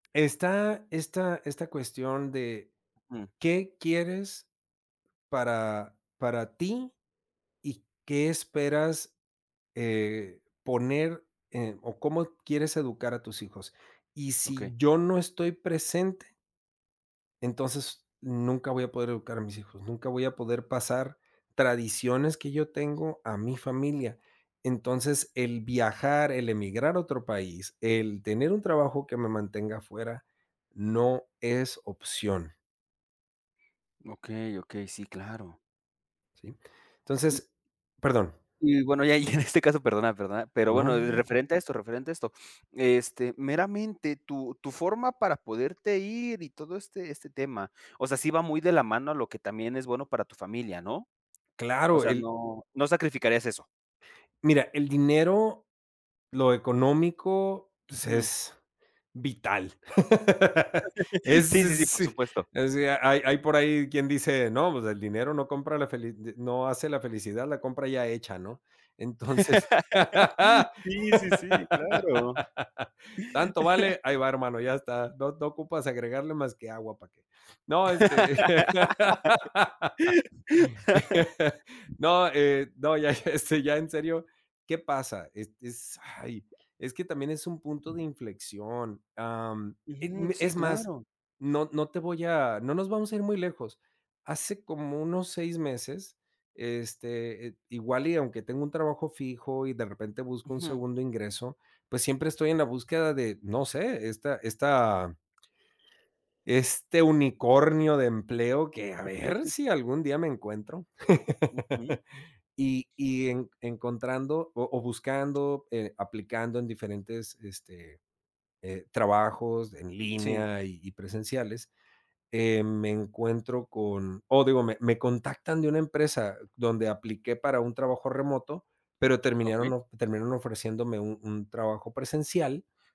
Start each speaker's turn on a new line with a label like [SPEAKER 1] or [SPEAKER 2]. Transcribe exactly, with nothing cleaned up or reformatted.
[SPEAKER 1] Está, esta esta cuestión de ¿qué quieres para para ti y qué esperas eh, poner eh o cómo quieres educar a tus hijos? Y si
[SPEAKER 2] Okey.
[SPEAKER 1] yo no estoy presente entonces nunca voy a poder educar a mis hijos, nunca voy a poder pasar tradiciones que yo tengo a mi familia. Entonces, el viajar, el emigrar a otro país, el tener un trabajo que me mantenga fuera no es opción.
[SPEAKER 2] Okey, okey, sí, claro.
[SPEAKER 1] ¿Sí?
[SPEAKER 2] Y
[SPEAKER 1] Entonces perdón.
[SPEAKER 2] Y bueno, ya y en este caso, perdona, perdona, pero
[SPEAKER 1] No,
[SPEAKER 2] bueno,
[SPEAKER 1] no [unintelligible]
[SPEAKER 2] referente a esto referente a esto, este, meramente tu tu forma para poderte ir y todo este este tema, o sea, sí va muy de la mano a lo que también es bueno para tu familia, ¿no? O
[SPEAKER 1] Claro,
[SPEAKER 2] sea,
[SPEAKER 1] el
[SPEAKER 2] no, no sacrificarías eso.
[SPEAKER 1] mira, el dinero, lo económico, pues
[SPEAKER 2] Ujú.
[SPEAKER 1] es vital. Es
[SPEAKER 2] Sí, sí, sí,
[SPEAKER 1] es,
[SPEAKER 2] por supuesto.
[SPEAKER 1] o sea, hay hay por ahí quien dice, no, pues el dinero no compra la feli no hace la felicidad la compra ya hecha, ¿no? Entonces,
[SPEAKER 2] Sí, sí, sí, claro.
[SPEAKER 1] ¿tanto vale? Ahí va, hermano, ya está, no no ocupas agregarle más que agua para que No, este, no, eh no, ya, este, ya en serio, ¿qué pasa? Es es ay, es que también es un punto de inflexión. Am, eh,
[SPEAKER 2] Ujú, sí,
[SPEAKER 1] es más,
[SPEAKER 2] claro.
[SPEAKER 1] no no te voy a no nos vamos a ir muy lejos. Hace como unos seis meses, este igual y aunque tengo un trabajo fijo y de repente busco un
[SPEAKER 2] Ujú.
[SPEAKER 1] segundo ingreso, pues siempre estoy en la búsqueda de, no sé, esta esta este unicornio de empleo que, a ver si algún día me encuentro,
[SPEAKER 2] Ujú.
[SPEAKER 1] y y enc encontrando o o buscando, eh, aplicando en diferentes, este, eh trabajos en
[SPEAKER 2] Sí.
[SPEAKER 1] línea y y presenciales, eh, me encuentro con o digo, me me contactan de una empresa donde apliqué para un trabajo remoto, pero
[SPEAKER 2] Okey.
[SPEAKER 1] terminaron, of terminaron ofreciéndome un un trabajo presencial